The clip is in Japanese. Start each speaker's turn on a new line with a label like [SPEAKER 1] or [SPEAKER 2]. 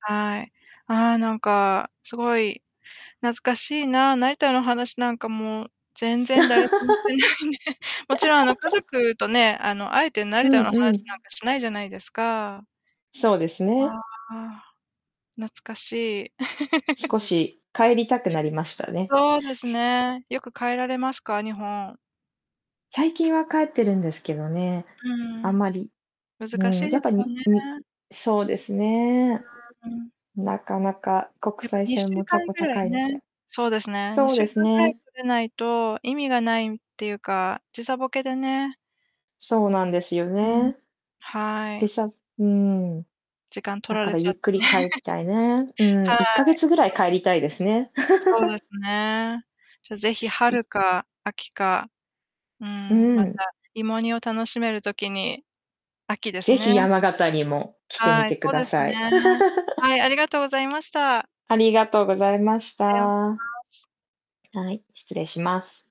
[SPEAKER 1] はい。ああ、なんかすごい懐かしいな。成田の話なんか、も、全然誰ともしてないね。もちろんあの家 族とね、あのあえて
[SPEAKER 2] う
[SPEAKER 1] 成田
[SPEAKER 2] ん
[SPEAKER 1] の話
[SPEAKER 2] う
[SPEAKER 1] な
[SPEAKER 2] ん。
[SPEAKER 1] んかしないじゃないですか。
[SPEAKER 2] そうです
[SPEAKER 1] あ
[SPEAKER 2] ね。
[SPEAKER 1] あ、懐かしい。
[SPEAKER 2] 少し帰りたくなりましたね。
[SPEAKER 1] そうですね。よく帰られますか、日本？
[SPEAKER 2] 最近は帰ってるんですけどね、
[SPEAKER 1] うー
[SPEAKER 2] あん
[SPEAKER 1] ん。
[SPEAKER 2] まり、
[SPEAKER 1] 難
[SPEAKER 2] うん、
[SPEAKER 1] しい
[SPEAKER 2] や
[SPEAKER 1] で
[SPEAKER 2] っぱ
[SPEAKER 1] す
[SPEAKER 2] り
[SPEAKER 1] よ
[SPEAKER 2] に-に
[SPEAKER 1] ね。
[SPEAKER 2] そうですね。
[SPEAKER 1] うーん。
[SPEAKER 2] なかなか、国
[SPEAKER 1] やっぱ
[SPEAKER 2] 際
[SPEAKER 1] にし
[SPEAKER 2] 線
[SPEAKER 1] ゅう
[SPEAKER 2] も
[SPEAKER 1] か
[SPEAKER 2] た
[SPEAKER 1] ん
[SPEAKER 2] こ
[SPEAKER 1] ぐらい
[SPEAKER 2] 高いの
[SPEAKER 1] ね
[SPEAKER 2] で。
[SPEAKER 1] そうですね。に
[SPEAKER 2] そう
[SPEAKER 1] しゅ
[SPEAKER 2] で
[SPEAKER 1] う
[SPEAKER 2] す
[SPEAKER 1] かんぐらい
[SPEAKER 2] ね。
[SPEAKER 1] 取れないと意味がないっていうか、時差ボケでね。
[SPEAKER 2] そうなんですよ
[SPEAKER 1] うーん、
[SPEAKER 2] ね。
[SPEAKER 1] は
[SPEAKER 2] で
[SPEAKER 1] い。
[SPEAKER 2] さうーん。
[SPEAKER 1] 時間取
[SPEAKER 2] だ
[SPEAKER 1] ら
[SPEAKER 2] か
[SPEAKER 1] れ
[SPEAKER 2] ら
[SPEAKER 1] ちゃ
[SPEAKER 2] ゆ
[SPEAKER 1] っ
[SPEAKER 2] っ
[SPEAKER 1] て
[SPEAKER 2] く
[SPEAKER 1] ね。
[SPEAKER 2] り帰 たいね。うん、
[SPEAKER 1] はい。
[SPEAKER 2] 1ヶ月ぐらい
[SPEAKER 1] [unintelligible]
[SPEAKER 2] 帰りたいですね。
[SPEAKER 1] そうです ね。じゃ、ぜひ
[SPEAKER 2] い
[SPEAKER 1] 春か秋か、う
[SPEAKER 2] う
[SPEAKER 1] ん、ま
[SPEAKER 2] ん。
[SPEAKER 1] た芋煮を楽しめる時に、秋です
[SPEAKER 2] 是非
[SPEAKER 1] ね。
[SPEAKER 2] 山形にも来てみ
[SPEAKER 1] はい、
[SPEAKER 2] て
[SPEAKER 1] そ
[SPEAKER 2] く
[SPEAKER 1] う
[SPEAKER 2] だ
[SPEAKER 1] です
[SPEAKER 2] さい。
[SPEAKER 1] ね。はい、ありがとうございました。
[SPEAKER 2] ありがとうございました。
[SPEAKER 1] 失礼します。
[SPEAKER 2] はい、失礼します。